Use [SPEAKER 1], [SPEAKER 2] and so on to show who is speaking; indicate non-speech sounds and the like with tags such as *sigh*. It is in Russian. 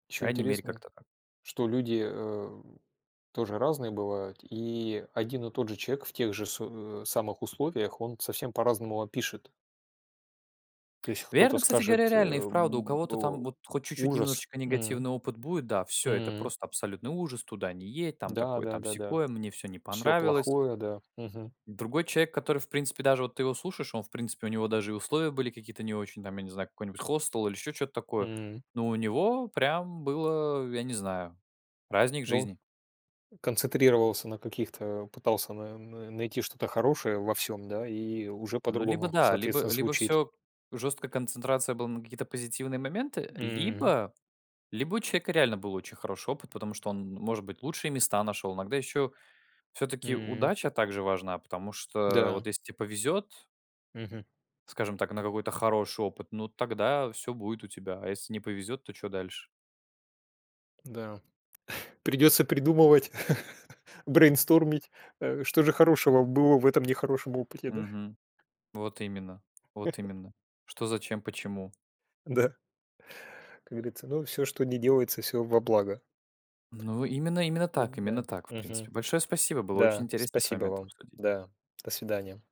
[SPEAKER 1] По
[SPEAKER 2] Ещё
[SPEAKER 1] крайней мере
[SPEAKER 2] интересно,
[SPEAKER 1] как-то так.
[SPEAKER 2] что люди, э, тоже разные бывают. И один и тот же человек в тех же су э, самых условиях, он совсем по-разному опишет то есть кто-то
[SPEAKER 1] Верно, кстати говоря,
[SPEAKER 2] скажет
[SPEAKER 1] реально. И
[SPEAKER 2] э,
[SPEAKER 1] вправду у
[SPEAKER 2] б
[SPEAKER 1] кого-то там
[SPEAKER 2] о:
[SPEAKER 1] вот хоть чуть-чуть
[SPEAKER 2] "Ужас!"
[SPEAKER 1] немножечко
[SPEAKER 2] М.
[SPEAKER 1] негативный опыт будет. Да, всё, это
[SPEAKER 2] Мм.
[SPEAKER 1] просто абсолютный ужас, туда не едь, там
[SPEAKER 2] Да
[SPEAKER 1] такое,
[SPEAKER 2] да
[SPEAKER 1] там
[SPEAKER 2] да да,
[SPEAKER 1] сякое, мне всё не
[SPEAKER 2] всё
[SPEAKER 1] понравилось.
[SPEAKER 2] плохое, да. Мгм.
[SPEAKER 1] Другой человек, который, в принципе, даже вот ты его слушаешь, он, в принципе, у него даже и условия были какие-то не очень, там, я не знаю, какой-нибудь хостел или еще чё-то такое.
[SPEAKER 2] Мм.
[SPEAKER 1] Но у него прям было, э, я не знаю, праздник
[SPEAKER 2] Дол
[SPEAKER 1] жизни.
[SPEAKER 2] концентрировался на таких-то, пытался н н найти что-то хорошее во всём, да, и уже
[SPEAKER 1] Ну, либо
[SPEAKER 2] по-другому,
[SPEAKER 1] да, либо
[SPEAKER 2] соответственно,
[SPEAKER 1] либо
[SPEAKER 2] звучит.
[SPEAKER 1] всё, жесткая концентрация была на какие-то позитивные моменты,
[SPEAKER 2] Мм.
[SPEAKER 1] либо либо у человека реально был очень хороший опыт, потому что он, может быть, лучшие места нашел, иногда ещё всё-таки
[SPEAKER 2] Мм.
[SPEAKER 1] удача также важна, потому что
[SPEAKER 2] Да.
[SPEAKER 1] вот если те повезет
[SPEAKER 2] Мгм.
[SPEAKER 1] скажем так, на какой-то хороший опыт, ну, тогда всё будет у тебя, а если не повезет, то чё дальше?
[SPEAKER 2] Да. *chuckles* Придется придумывать, *chuckles* брейнстормить, э, что же хорошего было в этом нехорошем опыте, да?
[SPEAKER 1] Мгм. Вот именно вот именно. Что,
[SPEAKER 2] *chuckles*
[SPEAKER 1] зачем, почему?
[SPEAKER 2] Да. Как говорится: ну, всё, что ни делается- всё во благо.
[SPEAKER 1] Ну, именно именно так именно
[SPEAKER 2] Да,
[SPEAKER 1] так, в
[SPEAKER 2] мгм.
[SPEAKER 1] принципе. Большое спасибо, было очень
[SPEAKER 2] Да.
[SPEAKER 1] интересно с
[SPEAKER 2] Спасибо
[SPEAKER 1] вами это
[SPEAKER 2] вам.
[SPEAKER 1] обсудить.
[SPEAKER 2] Да. До свидания.